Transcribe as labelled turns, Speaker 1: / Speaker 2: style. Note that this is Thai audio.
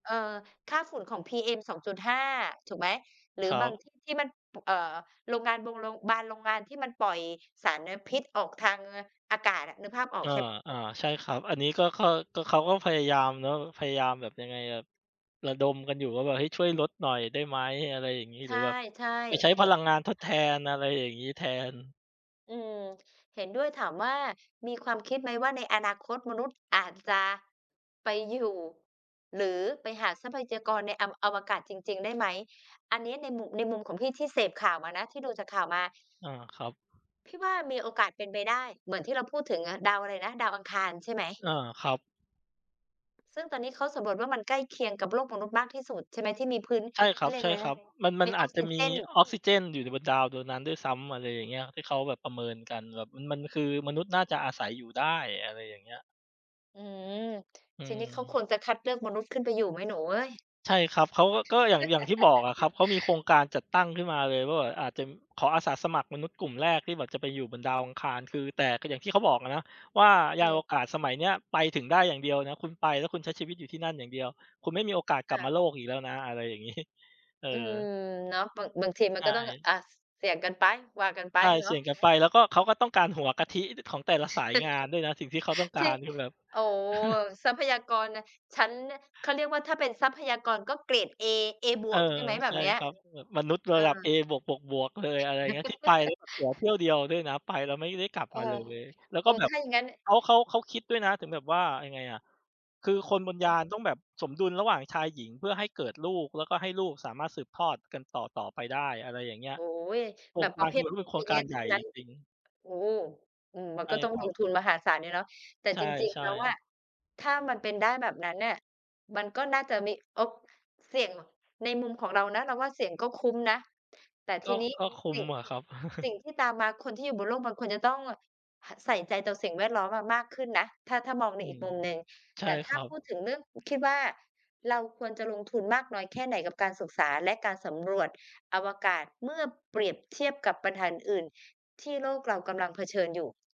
Speaker 1: เออ ค่าฝุ่นของ PM 2.5 ถูกไหม หรื
Speaker 2: ค
Speaker 1: อ
Speaker 2: รั
Speaker 1: บา
Speaker 2: บ
Speaker 1: งที่ที่มันปูก เอ่อ โรงงานบงโรง บานโรงงานที่มันปล่อยสารนะพิษออกทางเงือ อากาศอะ นึกภาพออ
Speaker 2: อ
Speaker 1: ก
Speaker 2: า
Speaker 1: ใช่ ป
Speaker 2: ๆ ใช่ครับ อันนี้ก็ข้อ ก็ เขาก็พยายามเนาะ พยายามแบบ ยังไงแบบ ระดมกันอยู่ว่าแบบให้ช่วยลดหน่อยได้ไหม อะไรอย่างงี้
Speaker 1: ใช
Speaker 2: หรือแบบ
Speaker 1: ่
Speaker 2: ไป
Speaker 1: ๆ
Speaker 2: ใช้พลังงานทดแทน อะไรอย่างงี้แทน
Speaker 1: อืม เห็นด้วย ถามว่ามีความคิดไหมว่า ในอนาคตมนุษย์อาจจะ ไปอยู่ หรือไปหาทรัพยากรในอำ อวกาศจริง ๆ ได้ ไหม อันเนี้ยในหมุ ในมุมของพี่ที่เสพข่าวมานะ ที่ดูจากข่าวมา
Speaker 2: อา ครับ
Speaker 1: พี่ว่า มีโอกาสเป็นไปได้เหมือนที่เราพูดถึงอะ ดาวอะไรนะ? ดาวอังคารใช่ไหม?
Speaker 2: อา ครับ
Speaker 1: ซึ่งตอนนี้เขาสำรวจว่า มันใกล้เคียงกับโลกมนุษย์มากที่สุดใช่ไหม? ที่มีพื้น
Speaker 2: ใช่ค
Speaker 1: เข
Speaker 2: รั
Speaker 1: า
Speaker 2: บ
Speaker 1: เรีย
Speaker 2: ใ
Speaker 1: ก
Speaker 2: ช
Speaker 1: อ
Speaker 2: ่
Speaker 1: ะไร
Speaker 2: ค
Speaker 1: น
Speaker 2: ร
Speaker 1: ะ
Speaker 2: ับ มัน มั
Speaker 1: ม
Speaker 2: น
Speaker 1: ี
Speaker 2: อ
Speaker 1: อ
Speaker 2: า
Speaker 1: อก
Speaker 2: จจ
Speaker 1: ซ
Speaker 2: ะ
Speaker 1: ิ
Speaker 2: มี
Speaker 1: เจน
Speaker 2: ออกซิเจนอยู่ในบนดาวบนนั้นด้วยซ้ำ อะไรอย่างเงี้ย ที่เขาแบบประเมินกัน แล้วแบบมัน มันคือมนุษย์น่าจะอาศัยอยู่ได้ อะไรอย่างเงี้ย
Speaker 1: อืม
Speaker 2: อื
Speaker 1: ทีนี้เขา
Speaker 2: ม
Speaker 1: ควรจะคัดเลือกมนุษย์ขึ้นไปอยู่ไหมหนูเอ๊ย?
Speaker 2: ใช่ครับ เขาก็ ก็อย่าง อย่างที่บอกอะครับ เขามีโครงการจัดตั้งขึ้นมาเลยว่าแบบอาจจะ ขออาสาสมัครมนุษย์กลุ่มแรกที่บอกจะไปอยู่บนดาวอังคาร คือ แต่ก็อย่างที่เขาบอกอะนะว่า ยานอว
Speaker 1: เออ
Speaker 2: กาศสมัยเนี้ยไปถึงได้อย่างเดียวนะ คุณไป แล้วคุณใช้ชีวิตอยู่ที่นั่นอย่างเดียว คุณไม่มีโอกาสก
Speaker 1: ค
Speaker 2: ลับ
Speaker 1: ่
Speaker 2: มา
Speaker 1: ะ
Speaker 2: โลกอีกแล้วนะ อะไรอย่าง งี้ เออ
Speaker 1: อืม เนาะ บาง บางทีม
Speaker 2: ใ
Speaker 1: ั
Speaker 2: ช
Speaker 1: นก็ต้อง
Speaker 2: ่
Speaker 1: อา ส เสี่ยงกัน ไป ว่ากัน ไป
Speaker 2: ใช่
Speaker 1: เน
Speaker 2: เ
Speaker 1: า
Speaker 2: สี
Speaker 1: ะ
Speaker 2: ่ยงกันไป แล้วก็ เขาก็ต้องการหัวกะทิ อ ด ของแต่ละสายงานด้วยนะ สิ่งที่เขาต้องก
Speaker 1: ท
Speaker 2: า
Speaker 1: ี่
Speaker 2: รคือแบบ
Speaker 1: โอ้โฮ ทรัพยากร น ฉันเนี่ย เขาเรียกว่าถ้าเป็นทรัพยากรก็เกรดเอ เอบ
Speaker 2: เอ
Speaker 1: ว
Speaker 2: อ
Speaker 1: ก ใช่ไหม แบ
Speaker 2: ใช
Speaker 1: บ
Speaker 2: ่
Speaker 1: เนี้ย?
Speaker 2: ครับ แบบมนุษย์
Speaker 1: เ
Speaker 2: ร
Speaker 1: อ
Speaker 2: ะ
Speaker 1: อ
Speaker 2: ดับเอบวก ๆ ๆ เลย อะไรเงี้ย ที่ไปแล้วแบบตั๋วเที่ยวเดียวด้วยนะ ไปแล้วไม่ได้กลับ
Speaker 1: เอ
Speaker 2: มาเล
Speaker 1: อ
Speaker 2: ย แล้ว
Speaker 1: เอ
Speaker 2: ก็
Speaker 1: อ
Speaker 2: แบ
Speaker 1: ถ
Speaker 2: บ
Speaker 1: ้าอย่างงั้น
Speaker 2: เขา เขา เขาคิดด้วยนะถึงแบบว่า ยังไงอะ คือคนบนยา
Speaker 1: เออ
Speaker 2: นต้องแบบสมดุลระหว่างชายหญิงเพื่อให้เกิดลูก แล้วก็ให้ลูกสามารถสืบทอดกันต่อ ๆ ไปได้ อะไรอย่างเงี้ย
Speaker 1: โอ้โฮ
Speaker 2: โคร
Speaker 1: แบ
Speaker 2: ง
Speaker 1: บ
Speaker 2: ก
Speaker 1: ป
Speaker 2: า
Speaker 1: ร
Speaker 2: ร
Speaker 1: ะเภ
Speaker 2: ทีเดี
Speaker 1: ท
Speaker 2: ยวด้วยโครงการ
Speaker 1: genius
Speaker 2: ให
Speaker 1: ท
Speaker 2: ญ
Speaker 1: ั
Speaker 2: ่
Speaker 1: ้งนั้
Speaker 2: จ
Speaker 1: น
Speaker 2: ริง ๆ
Speaker 1: โอ้โฮ อือ มัน
Speaker 2: ใช
Speaker 1: ก
Speaker 2: ่
Speaker 1: ็ต้อง
Speaker 2: คร
Speaker 1: ล
Speaker 2: ั
Speaker 1: ง
Speaker 2: บ
Speaker 1: ทุนมหาศาลอยู่เนาะ แต่
Speaker 2: ใ
Speaker 1: จริง
Speaker 2: ช
Speaker 1: ๆ แ
Speaker 2: ่
Speaker 1: ล้วอ
Speaker 2: ๆ
Speaker 1: ะ ถ้ามันเป็นได้แบบนั้นน่ะ มันก็น่าจะมีโอ๊ก ก เสี่ยง ง ในมุมของเรานะ เราว่าเสี่ยงก็คุ้มนะ แต่
Speaker 2: ก
Speaker 1: ท
Speaker 2: ็
Speaker 1: ีนี้
Speaker 2: ก็คุ
Speaker 1: ส
Speaker 2: ้
Speaker 1: ิ
Speaker 2: ม
Speaker 1: ่ง
Speaker 2: อะครับ
Speaker 1: สิ่งที่ตามมา คนที่อยู่บนโลกบางคนจะต้อง ห ใส่ใจต่อสิ่งแวดล้อมเรามากขึ้นนะ ถ้า ถ้ามองใ
Speaker 2: อ
Speaker 1: น
Speaker 2: ื
Speaker 1: อีก
Speaker 2: ม
Speaker 1: มุมหนึ่ง
Speaker 2: ใช
Speaker 1: แ
Speaker 2: ่
Speaker 1: ต่ถ
Speaker 2: ค
Speaker 1: ้า
Speaker 2: รั
Speaker 1: พ
Speaker 2: บ
Speaker 1: ูดถึงเรื่อง คิดว่า เราควรจะลงทุนมากน้อยแค่ไหนกับการศึกษาและการสำรวจอวกาศ เมื่อเปรียบเทียบกับปัญหาอื่น ๆ ที่โลกเรากำลังเผชิญอยู่?